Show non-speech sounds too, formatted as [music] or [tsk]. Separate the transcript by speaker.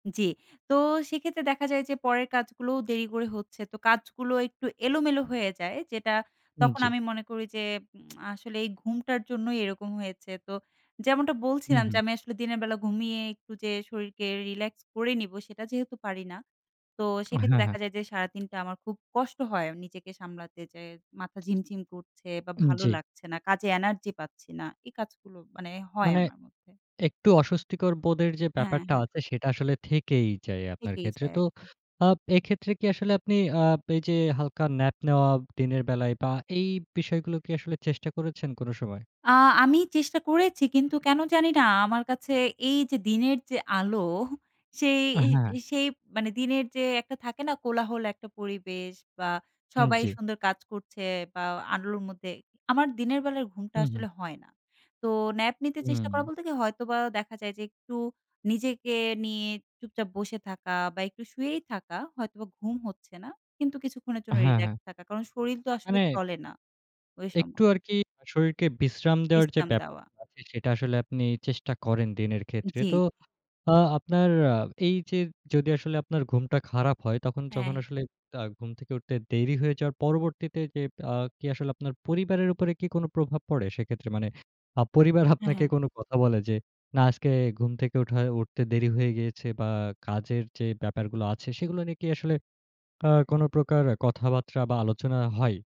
Speaker 1: জি, তো সেক্ষেত্রে দেখা যায় যে পরের কাজগুলোও দেরি করে হচ্ছে। তো কাজগুলো একটু [tsk] এলোমেলো হয়ে যায় যেটা
Speaker 2: উম
Speaker 1: তখন
Speaker 2: জি।
Speaker 1: আমি মনে করি যে উম আসলে এই ঘুমটার জন্যই এরকম হয়েছে। তো যেমনটা
Speaker 2: হু,
Speaker 1: বলছিলাম, যে
Speaker 2: হু।
Speaker 1: আমি আসলে দিনের বেলা ঘুমিয়ে একটু যে শরীরকে রিল্যাক্স করে নিবো, সেটা যেহেতু পারি না তো
Speaker 2: আ
Speaker 1: সেক্ষেত্রে
Speaker 2: হ্যাঁ, হ্যাঁ।
Speaker 1: দেখা যায় যে সারাদিনটা আমার খুব কষ্ট হয় নিজেকে সামলাতে। যে মাথা ঝিমঝিম করছে বা
Speaker 2: উম
Speaker 1: ভালো
Speaker 2: জি।
Speaker 1: লাগছে না কাজে এনার্জি পাচ্ছি না এই কাজগুলো মানে হয়
Speaker 2: মানে
Speaker 1: আমার মধ্যে।
Speaker 2: একটু অস্বস্তিকর বোধের যে
Speaker 1: হ্যাঁ,
Speaker 2: ব্যাপারটা
Speaker 1: হ্যাঁ।
Speaker 2: আছে, সেটা আসলে থেকেই যায় আপনার
Speaker 1: থেকেই
Speaker 2: ক্ষেত্রে।
Speaker 1: যায়
Speaker 2: তো
Speaker 1: একদম।
Speaker 2: আপ এক্ষেত্রে কি আসলে আপনি আ পে যে হালকা ন্যাপ নেওয়া দিনের বেলায় বা এই বিষয়গুলো কি আসলে চেষ্টা করেছেন কোন সময়?
Speaker 1: আ আমি চেষ্টা করেছি কিন্তু কেন জানি না আমার কাছে এই যে দিনের যে আলো, সেই,
Speaker 2: আ হ্যাঁ।
Speaker 1: সেই মানে দিনের যে একটা থাকে না? কোলাহল একটা পরিবেশ বা
Speaker 2: উম
Speaker 1: সবাই
Speaker 2: জি।
Speaker 1: সুন্দর কাজ করছে বা আলোর মধ্যে, আমার দিনের বেলায় ঘুমটা
Speaker 2: হুম, হুম।
Speaker 1: আসলে হয় না। তো ন্যাপ নিতে চেষ্টা
Speaker 2: হুম।
Speaker 1: করা বলতে কি? হয়তোবা দেখা যায় যে একটু নিজেকে নিয়ে চুপচাপ বসে থাকা বা একটু শুয়েই থাকা, হয়তোবা ঘুম হচ্ছে না। কিন্তু কিছুক্ষণের জন্য
Speaker 2: হ্যাঁ, হ্যাঁ।
Speaker 1: রিল্যাক্স থাকা। কারণ শরির তো আসলে
Speaker 2: মানে
Speaker 1: চলে না ওই
Speaker 2: একটু
Speaker 1: সময়।
Speaker 2: আরকি শরীরকে বিশ্রাম দেওয়ার যে
Speaker 1: বিশ্রাম
Speaker 2: ব্যাপার
Speaker 1: দেওয়া।
Speaker 2: আছে সেটা আসলে আপনি চেষ্টা করেন দিনের ক্ষেত্রে।
Speaker 1: জি,
Speaker 2: তো
Speaker 1: জি।
Speaker 2: আ আপনার আ এই যে যদি আসলে আপনার ঘুমটা খারাপ হয় তখন যখন
Speaker 1: হ্যাঁ।
Speaker 2: আসলে তা ঘুম থেকে উঠতে দেরি হয়ে যাওয়ার পরবর্তীতে যে আ কি আসলে আপনার পরিবারের উপরে কি কোন প্রভাব পড়ে সেক্ষেত্রে? মানে আ পরিবার
Speaker 1: হ্যাঁ,
Speaker 2: আপনাকে
Speaker 1: হ্যাঁ।
Speaker 2: কোন কথা বলে যে না আজকে ঘুম থেকে ওঠায় উঠতে দেরি হয়ে গিয়েছে বা কাজের যে ব্যাপারগুলো আছে সেগুলো নিয়ে কি আসলে আ কোন প্রকার কথাবার্তা বা আলোচনা হয়?